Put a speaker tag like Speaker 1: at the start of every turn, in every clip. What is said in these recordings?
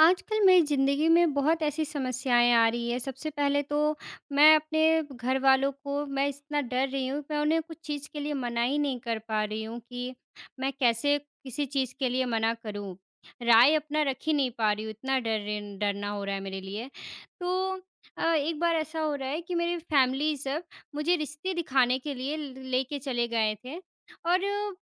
Speaker 1: आजकल मेरी ज़िंदगी में बहुत ऐसी समस्याएँ आ रही हैं। सबसे पहले तो ,मैं अपने घरवालों को मैं इस ना डर रही हूँ कि मैं उन्हें कुछ चीज़ के लिए मना ही नहीं कर पा रही हूँ कि, मैं कैसे किसी चीज के लिए मना करूँ। राय अपना रख ही नहीं पा रही हूँ, इतना डर रही न डरना हो रहा है मेरे लिए। तो अ, एक बार ऐसा हो रहा है कि मेरी फैमिली सब मुझे रिश्ते दिखाने के लिए ल लेके चले गए थे और म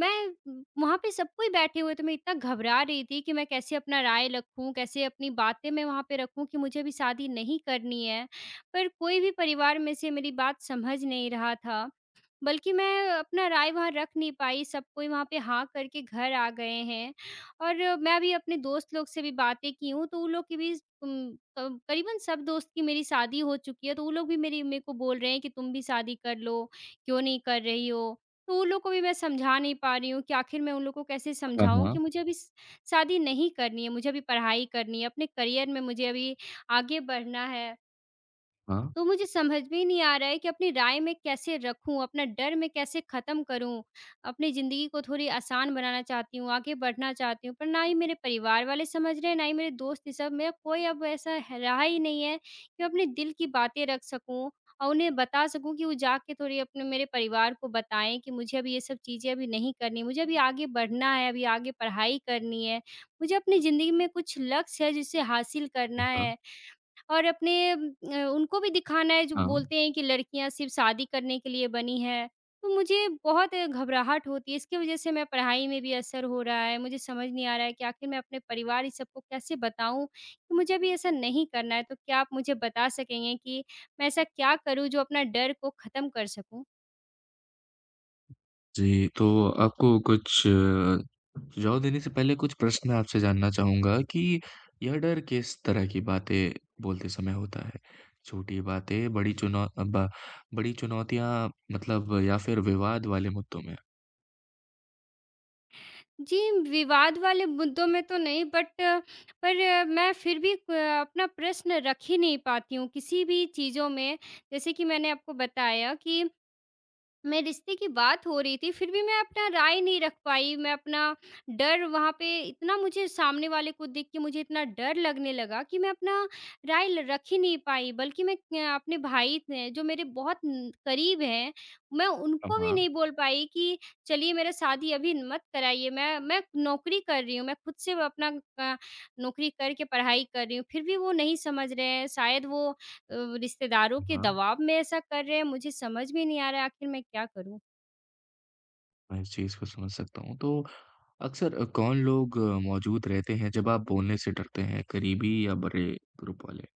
Speaker 1: मैं वहाँ पे सब कोई बैठे हुए थे। मैं इतना घबरा रही थी कि मैं कैसे अपना राय रखूँ, कैसे अपनी बातें मैं वहाँ पे रखूँ कि मुझे अभी शादी नहीं करनी है। पर कोई भी परिवार में से मेरी बात समझ नहीं रहा था, बल्कि मैं अपना राय वहाँ रख नहीं पाई। सब कोई वहाँ पे हाँ हाँ करके घर आ गए हैं। और मैं अभी अपने दोस्त लोग से भी बातें की हूँ तो ऊ लोगों की भी उम, क करीबन सब दोस्त की मेरी शादी हो चुकी है, तो ऊ लोग भी मेरी मेरे को बोल रहे हैं कि तुम भी शादी कर लो, क्यों नहीं कर रही हो? तो वो लोगों को भी मैं समझा नहीं पा रही हूँ कि आखिर मैं उन लोगों को कैसे
Speaker 2: हाँ,
Speaker 1: समझाऊँ कि
Speaker 2: हाँ।
Speaker 1: मुझे अभी श शादी नहीं करनी है। मुझे अभी पढ़ाई करनी है अपने करियर में मुझे अभी आगे बढ़ना है।
Speaker 2: हाँ।
Speaker 1: तो मुझे समझ में ही नहीं आ रहा है कि अपनी राय मैं कैसे रखूँ? अपना डर मैं कैसे खत्म करूँ? अपनी जिंदगी को थोड़ी आसान बनाना चाहती हूँ, आगे बढ़ना चाहती हूँ। पर ना ही मेरे परिवार वाले समझ रहे हैं, ना ही मेरे दोस्त, ये सब मेंरा कोई अब ऐसा ह रहा ही नहीं है कि अपने दिल की बातें रख सकूँ और उन्हें बता सकूँ कि वो जाके थोड़ी अपने मेरे परिवार को बताएँ कि मुझे अभी ये सब चीजें अभी नहीं करनी है, मुझे अभी आगे बढ़ना है, अभी आगे पढ़ाई करनी है। मुझे अपनी जिंदगी में कुछ लक्ष्य है, जिसे हासिल करना
Speaker 2: जी, हाँ।
Speaker 1: है और अपने म अ, उनको भी दिखाना है जो
Speaker 2: हाँ।
Speaker 1: बोलते हैं कि लड़कियाँ सिर्फ शादी करने के लिए बनी हैं। तो मुझे बहुत घबराहट होती है, इसकी वजह से मैं पढ़ाई में भी असर हो रहा है। मुझे समझ नहीं आ रहा है कि आखिर मैं अपने परिवार इस सबको कैसे बताऊँ कि मुझे अभी ऐसा नहीं करना है। तो क्या आप मुझे बता सकेंगे कि मैं ऐसा क्या करूँ जो अपना डर को खत्म कर सकूँ?
Speaker 2: जी, तो आपको कुछ अ, सुझाव देने से पहले कुछ प्रश्न आपसे जानना चाहूँगा कि यह डर किस तरह की बातें बोलते समय होता है, छोटी बातें, बड़ी चुनौ अ, ब बड़ी चुनौतियाँ मतलब, या फिर विवाद वाले मुद्दों में?
Speaker 1: जी, म विवाद वाले मुद्दों में तो नहीं बट, पर मैं फिर भी प अपना प्रश्न रख ही नहीं पाती हूँ किसी भी चीज़ों में। जैसे कि मैंने आपको बताया कि मेरे रिश्ते की बात हो रही थी, फिर भी मैं अपना राय नहीं रख पाई। मैं अपना डर वहाँ पे इतना मुझे सामने वाले को देख के मुझे इतना डर लगने लगा कि मैं अपना राय ल रख ही नहीं पाई, बल्कि मैं क्य अपने भाई थे जो मेरे बहुत उम, करीब हैं, मैं
Speaker 2: हाँ,
Speaker 1: उनको भी
Speaker 2: हाँ।
Speaker 1: नहीं बोल पाई कि चलिए, मेरा शादी अभी मत कराइए, मैं मैं नौकरी कर रही हूँ, मैं खुद से व अपना क नौकरी करके पढ़ाई कर रही हूँ। फिर भी वो नहीं समझ रहे हैं शायद वो अव रिश्तेदारों के
Speaker 2: हाँ, हाँ।
Speaker 1: दबाव में ऐसा कर रहे हैं। मुझे समझ में नहीं आ रहा, आखिर मैं क्या करूँ?
Speaker 2: मैं इस चीज़ को समझ सकता हूँ। तो अक्सर अ, कौन लोग मौजूद रहते हैं जब आप बोलने से डरते हैं, क़रीबी या बड़े ग्रुप वाले?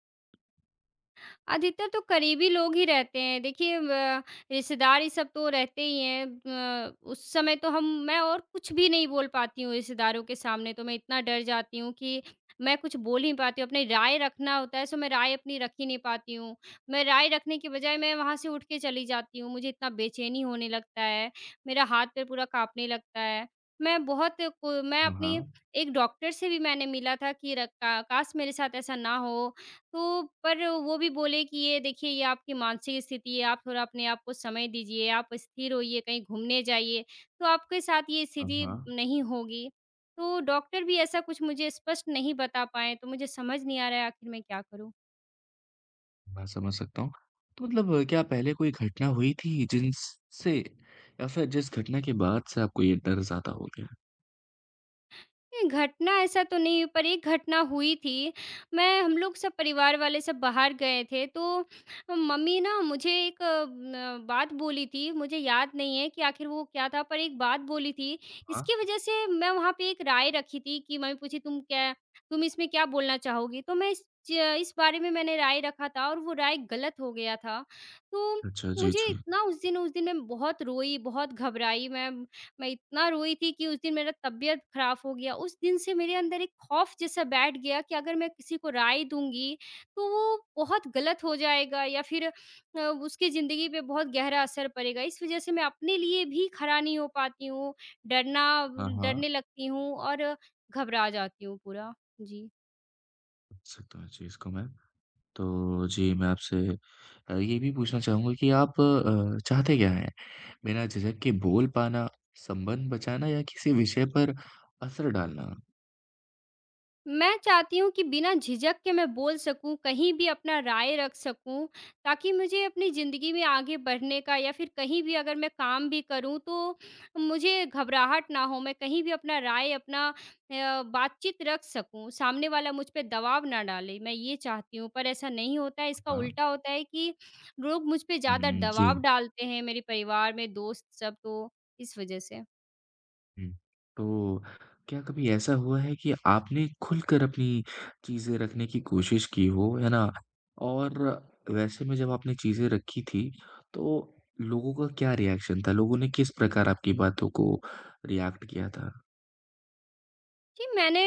Speaker 1: अधिकतर तो क़रीबी लोग ही रहते हैं। देखिए ब रिश्तेदार ये सब तो रहते ही हैं ब उस समय तो हम मैं और कुछ भी नहीं बोल पाती हूँ रिश्तेदारों के सामने तो मैं इतना डर जाती हूँ कि मैं कुछ बोल ही पाती हूँ, अपनी राय रखना होता है सो मैं राय अपनी रख ही नहीं पाती हूँ। मैं राय रखने की बजाय मैं वहाँ से उठके चली जाती हूँ, मुझे इतना बेचैनी होने लगता है, मेरा हाथ-पैर पूरा काँपने लगता है। मैं बहुत को मैं
Speaker 2: हाँ,
Speaker 1: अपनी
Speaker 2: हाँ।
Speaker 1: एक डॉक्टर से भी मैंने मिला था कि र का काश! मेरे साथ ऐसा ना हो। तो पर वो भी बोले कि, "ये देखिए, ये आपकी मानसिक स्थिति है, आप थोड़ा अपने आप को समय दीजिए, आप स्थिर होइए, कहीं घूमने जाइए, तो आपके साथ ये
Speaker 2: हाँ,
Speaker 1: स्थिति
Speaker 2: हाँ।
Speaker 1: नहीं होगी।" तो डॉक्टर भी ऐसा कुछ मुझे स्पष्ट नहीं बता पाए, तो मुझे समझ नहीं आ रहा आख़िर मैं क्या करूँ।
Speaker 2: मैं समझ सकता हूँ। तो मतलब क्या पहले कोई घटना हुई थी जिन स से या फिर जिस घटना के बाद से आपको ये डर ज़्यादा हो गया?
Speaker 1: नहीं, घटना ऐसा तो नहीं, पर एक घटना हुई थी। मैं हम लोग सब परिवार वाले सब बाहर गए थे, तो मम्मी ना मुझे एक अम, अ, बात बोली थी, मुझे याद नहीं है कि आखिर वो क्या था, पर एक बात बोली थी।
Speaker 2: हाँ।
Speaker 1: इसकी वजह से मैं वहाँ पे एक राय रखी थी कि मम्मी पूछी, "तुम क्या तुम इसमें क्या बोलना चाहोगी?" तो मैं इस ज इस बारे में मैंने राय रखा था और वो राय गलत हो गया था। तो
Speaker 2: अच्छा, जी,
Speaker 1: मुझे
Speaker 2: जी।
Speaker 1: इतना उस दिन उस दिन मैं बहुत रोई, बहुत घबराई मैं, मैं इतना रोई थी कि उस दिन मेरा तबीयत खराब हो गया। उस दिन से मेरे अंदर एक खौफ़ जैसा बैठ गया कि अगर मैं किसी को राय दूँगी, तो वो बहुत गलत हो जाएगा या फिर अ, उसकी ज़िंदगी पे बहुत गहरा असर पड़ेगा। इस वजह से मैं अपने लिए भी खड़ा नहीं हो पाती हूँ, डरना व
Speaker 2: हाँ, हाँ।
Speaker 1: डरने लगती हूँ और अ, घबरा जाती हूँ पूरा। जी।
Speaker 2: सकता हूँ इस चीज़ को मैं। तो जी, मैं आपसे अ, ये भी पूछना चाहूँगा कि आप अ, चाहते क्या हैं, बिना झिझक के बोल पाना, संबंध बचाना या किसी विषय पर असर डालना?
Speaker 1: मैं चाहती हूँ कि बिना झिझक के मैं बोल सकूँ, कहीं भी अपना राय रख सकूँ, ताकि मुझे अपनी ज़िंदगी में आगे बढ़ने का या फिर कहीं भी अगर मैं काम भी करूँ, तो मुझे घबराहट ना हो। मैं कहीं भी अपना राय, अपना अ, बातचीत रख सकूँ, सामने वाला मुझ पे दबाव ना डाले, मैं ये चाहती हूँ। पर ऐसा नहीं होता है, इसका
Speaker 2: हाँ।
Speaker 1: उल्टा होता है कि लोग मुझ पे
Speaker 2: हुँ,
Speaker 1: ज़्यादा
Speaker 2: हुँ,
Speaker 1: दबाव
Speaker 2: जी।
Speaker 1: डालते हैं, मेरे परिवार में, दोस्त सब तो, इस वजह से।
Speaker 2: हुँ, तो क्या कभी ऐसा हुआ है कि आपने खुलकर अपनी चीज़ें रखने की कोशिश की हो, है ना? और वैसे में जब आपने चीज़ें रखी थीं, तो लोगों का क्या रिएक्शन था, लोगों ने किस प्रकार आपकी बातों को रिएक्ट किया था?
Speaker 1: जी, मैंने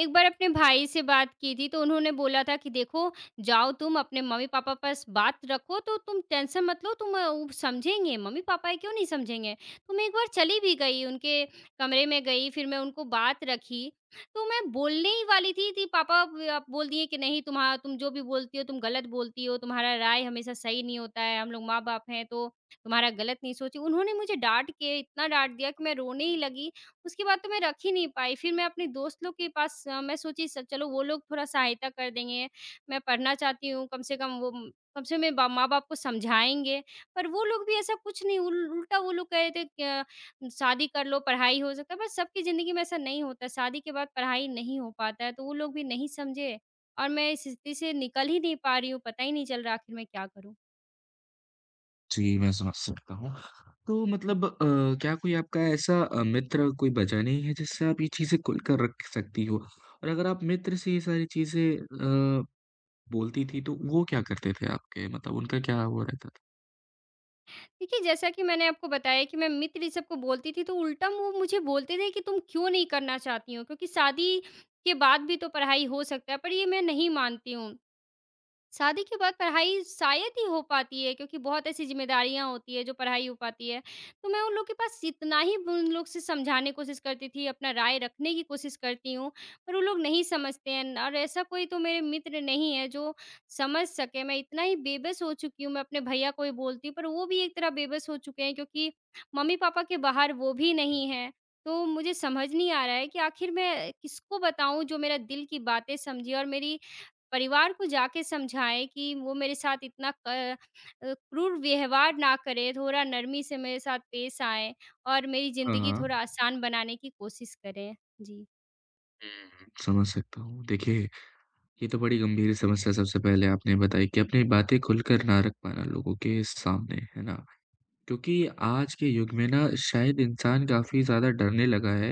Speaker 1: एक बार अपने भाई से बात की थी, तो उन्होंने बोला था कि, "देखो, जाओ तुम, अपने मम्मी-पापा पास बात रखो, तो तुम टेंशन मत लो तुम अ उ समझेंगे, मम्मी-पापा हैं, क्यों नहीं समझेंगे।" तो मैं एक बार चली भी गई, उनके कमरे में गई, फिर मैं उनको बात रखी। तो मैं बोलने ही वाली थी, थी पापा ब अ, बोल दिए कि, "नहीं, तुम्हा तुम जो भी बोलती हो, तुम गलत बोलती हो। तुम्हारा राय हमेशा सही नहीं होता है। हम लोग माँ-बाप हैं, तो तुम्हारा गलत नहीं सोचे" उन्होंने मुझे डाँट के इतना डाँट दिया कि मैं रोने ही लगी, उसके बाद तो मैं रख ही नहीं पाई। फिर मैं अपने दोस्तों लोग के पास अ, मैं सोची स चलो, वो लोग थोड़ा सहायता कर देंगे। मैं पढ़ना चाहती हूँ, कम से कम वो म कम से कम मेरे बा माँ-बाप को समझाएँगे। पर वो लोग भी ऐसा कुछ नहीं, उल उल्टा वो लोग कह रहे थे अ, "शादी कर लो, पढ़ाई हो सकता है।" पर सबकी ज़िंदगी में ऐसा नहीं होता, शादी के बाद पढ़ाई नहीं हो पाता है। तो वो लोग भी नहीं समझे, और मैं इस स्थिति से निकल ही नहीं पा रही हूँ, पता ही नहीं चल रहा, आखिर मैं क्या करूँ।
Speaker 2: जी, मैं समझ सकता हूँ, तो मतलब अ, क्या कोई आपका ऐसा अ, मित्र कोई बचा नहीं है जिससे आप ये चीज़ें खुलकर रख सकती हो? और अगर आप मित्र से ये सारी चीज़ें अ, बोलती थीं, तो वो क्या करते थे आपके, मतलब उनका क्या वो रहता था?
Speaker 1: देखिए, जैसा कि मैंने आपको बताया कि मैं मित्र इ, सब को बोलती थी, तो उल्टा मुँह मुझे बोलते थे कि, "तुम क्यों नहीं करना चाहती हो, क्योंकि शादी के बाद भी तो पढ़ाई हो सकता है।" पर ये मैं नहीं मानती हूँ, शादी के बाद पढ़ाई शायद ही हो पाती है क्योंकि बहुत ऐसी ज़िम्मेदारियाँ होती हैं जो पढ़ाई हो पाती है। तो मैं उन लोग के पास जितना ही उन लोगों से समझाने कोशिश करती थी, अपना राय रखने की कोशिश करती हूँ, पर वो लोग नहीं समझते हैं, न और ऐसा कोई तो मेरे मित्र नहीं है जो समझ सके। मैं इतना ही बेबस हो चुकी हूँ, मैं अपने भईया को ही बोलती, पर वो भी एक तरह बेबस हो चुके हैं, क्योंकि मम्मी-पापा के बाहर वो भी नहीं हैं। तो मुझे समझ नहीं आ रहा है कि आखिर मैं किसको बताऊँ जो मेरा दिल की बातें समझे और मेरी परिवार को जाके समझाएँ कि वो मेरे साथ इतना क अ, क्रूर व्यवहार ना करें, थोड़ा नरमी से मेरे साथ पेश आएँ, और मेरी
Speaker 2: हाँ,
Speaker 1: ज़िंदगी थोड़ा
Speaker 2: हाँ।
Speaker 1: आसान बनाने की कोशिश करें। जी।
Speaker 2: हुँ, समझ सकता हूँ। देखिए, ये तो बड़ी गंभीर समस्या सबसे पहले आपने बताई कि अपनी बातें खुलकर ना रख पाना लोगों के सामने, है ना। क्योंकि आज के युग में ना शायद इंसान काफ़ी ज़्यादा डरने लगा है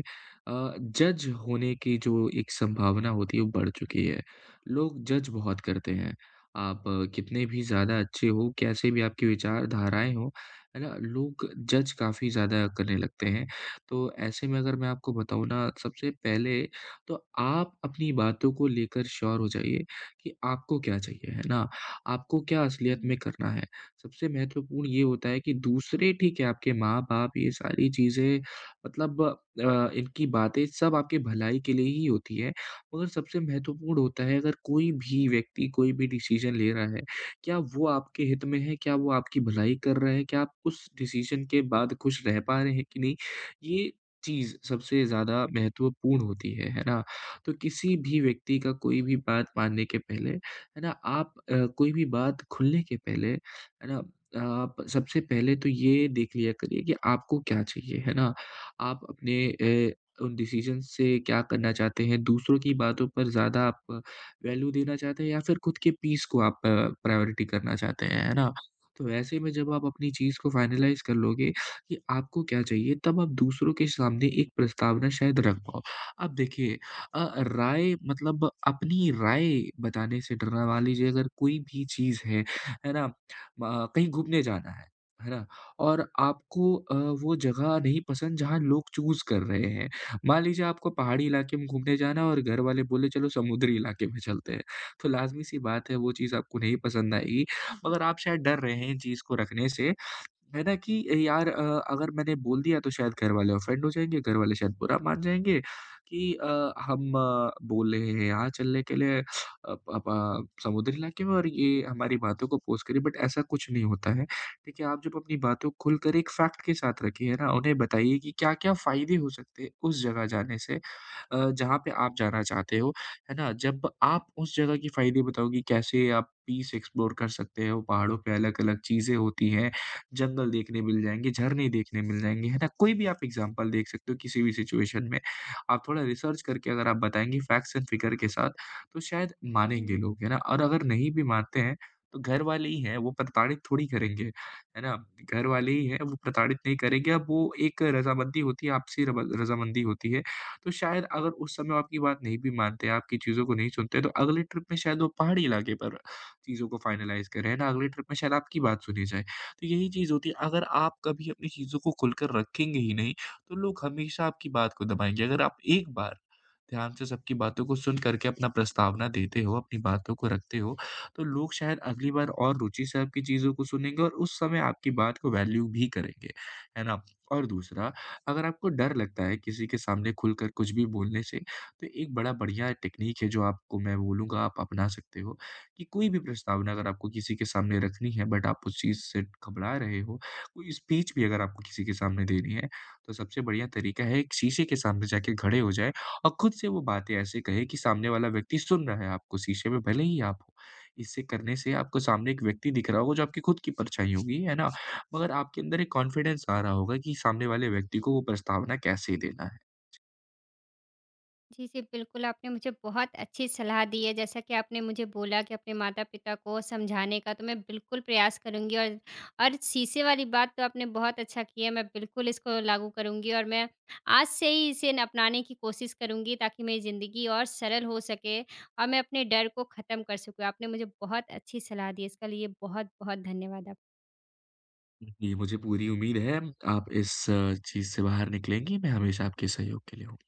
Speaker 2: अ, जज होने की जो एक संभावना होती है, वो बढ़ चुकी है, लोग जज बहुत करते हैं। आप कितने भी ज़्यादा अच्छे हो, कैसे भी आपकी विचारधाराएँ हों, है ना, लोग जज काफ़ी ज़्यादा करने लगते हैं। तो ऐसे में अगर मैं आपको बताऊँ ना, सबसे पहले तो आप अपनी बातों को लेकर श्योर हो जाइए कि आपको क्या चाहिए, है ना, आपको क्या असलियत
Speaker 1: जी।
Speaker 2: में करना है। सबसे महत्वपूर्ण ये होता है कि दूसरे, ठीक है, आपके माँ-बाप, ये सारी चीज़ें मतलब अ, इनकी बातें सब आपकी भलाई के लिए ही होती है, मगर सबसे महत्वपूर्ण होता है अगर कोई भी व्यक्ति कोई भी डिसीज़न ले रहा है, क्या वो आपके हित में है, क्या वो आपकी भलाई कर रहा है, क्या आप उस डिसीज़न के बाद खुश रह पा रहे हैं कि नहीं, ये चीज़ सबसे ज़्यादा महत्वपूर्ण होती है, है ना। तो किसी भी व्यक्ति का कोई भी बात मानने के पहले, है ना, आप अ, कोई भी बात खुलने के पहले, है ना, आप सबसे पहले तो ये देख लिया करिए कि आपको क्या चाहिए, है ना। आप अपने अ, उन डिसिज़न्स से क्या करना चाहते हैं, दूसरों की बातों पर ज़्यादा आप वैल्यू देना चाहते हैं या फिर खुद के पीस को आप अ, प्रायॉरिटी करना चाहते हैं, है ना। तो ऐसे में जब आप अपनी चीज़ को फ़ाइनलाइज़ कर लोगे कि आपको क्या चाहिए, तब आप दूसरों के सामने एक प्रस्तावना शायद रख पाओ। अब देखिए अ, राय मतलब अपनी राय बताने से डरना मान लीजिए अगर कोई भी चीज़ है, है ना, म कहीं घूमने जाना है, है ना, और आपको अ, वो जगह नहीं पसंद जहाँ लोग चूज़ कर रहे हैं। मान लीजिए आपको पहाड़ी इलाके में घूमने जाना है और घरवाले बोले, "चलो, समुद्री इलाके में चलते हैं।" तो लाज़मी-सी बात है, वो चीज़ आपको नहीं पसंद आएगी।
Speaker 1: जी।
Speaker 2: मगर आप शायद डर रहे हैं इन चीज़ को रखने से, है ना, कि यार अ, अगर मैंने बोल दिया, तो शायद घरवाले ऑफेन्ड हो जाएँगे, घरवाले शायद बुरा मान जाएँगे कि अ, "हम बोल रहे हैं यहाँ चलने के लिए अप अप अ, समुद्री इलाके में और ये हमारी बातों को ऑपोज़ कर रही है।" बट ऐसा कुछ नहीं होता है। देखिए, आप जब अपनी बातों खुलकर एक फ़ैक्ट के साथ रखी है ना, उन्हें बताइए कि क्या-क्या फायदे हो सकते हैं उस जगह जाने से अ, जहाँ पे आप जाना चाहते हो, है ना। जब आप उस जगह की फायदे बताओगी, कैसे आप पीस एक्सप्लोर कर सकते हैं, वो पहाड़ों पे अलग-अलग चीज़ें होती हैं, जंगल देखने मिल जाएँगे, झरने देखने मिल जाएँगे, है ना, कोई भी आप एग्ज़ाम्पल देख सकते हो, किसी भी सिचुएशन में। आप थोड़ा रिसर्च करके अगर आप बताएँगे फ़ैक्ट्स एण्ड फिगर के साथ, तो शायद मानेंगे
Speaker 1: जी।
Speaker 2: लोग, है ना। और अगर नहीं भी मानते हैं, तो घरवाले ही हैं, वो प्रताड़ित थोड़ी करेंगे, है ना। घरवाले ही हैं, वो प्रताड़ित नहीं करेंगे, अब वो एक रज़ामंदी होती है, आपसी रबा रज़ामंदी होती है। तो शायद अगर उस समय वो आपकी बात नहीं भी मानते हैं, आपकी चीज़ों को नहीं सुनते हैं, तो अगले ट्रिप में शायद वो पहाड़ी इलाके पर चीज़ों को फ़ाइनलाइज़ करें, है ना, अगले ट्रिप में शायद आपकी बात सुनी जाए। तो यही चीज़ होती, अगर आप कभी अपनी चीज़ों को खुलकर रखेंगे ही नहीं, तो लोग हमेशा आपकी बात को दबाएँगे। अगर आप एक बार ध्यान से सबकी बातों को सुन करके अपना प्रस्तावना देते हो, अपनी बातों को रखते हो, तो लोग शायद अगली बार और रुचि से आपकी चीज़ों को सुनेंगे और उस समय आपकी बात को वैल्यू भी करेंगे, है ना। और दूसरा, अगर आपको डर लगता है किसी के सामने खुलकर कुछ भी बोलने से, तो एक बड़ा बढ़िया टेक्नीक है जो आपको मैं बोलूँगा आप अपना सकते हो, कि कोई भी प्रस्तावना अगर आपको किसी के सामने रखनी है बट आप उस चीज़ से घबरा रहे हो, कोई स्पीच भी अगर आपको किसी के सामने देनी है, तो सबसे बढ़िया तरीका है, एक शीशे के सामने जाके खड़े हो जाएँ और खुद से वो बातें ऐसे कहें कि सामने वाला व्यक्ति सुन रहा है आपको, शीशे में भले ही आप हो। इसे करने से आपको सामने एक व्यक्ति दिख रहा होगा जो आपकी खुद की परछाई होगी, है ना। मगर आपके अंदर एक कॉन्फिडेंस आ रहा होगा कि सामने वाले व्यक्ति को वो प्रस्तावना कैसे देना है। जी।
Speaker 1: जी, जी, बिल्कुल, आपने मुझे बहुत अच्छी सलाह दी है। जैसा कि आपने मुझे बोला कि अपने माता-पिता को समझाने का, तो मैं बिल्कुल प्रयास करूँगी। और, और शीशे वाली बात तो आपने बहुत अच्छा किया, मैं बिल्कुल इसको लागू करूँगी और मैं आज से ही इसे ना अपनाने की कोशिश करूँगी ताकि मेरी जिंदगी और सरल हो सके और मैं अपने डर को खत्म कर सकूँ। आपने मुझे बहुत अच्छी सलाह दी, इसका लिए बहुत बहुत धन्यवाद आप
Speaker 2: जी, मुझे पूरी उम्मीद है, आप इस अ, चीज़ से बाहर निकलेंगी। मैं हमेशा आपके सहयोग के लिए हूँ।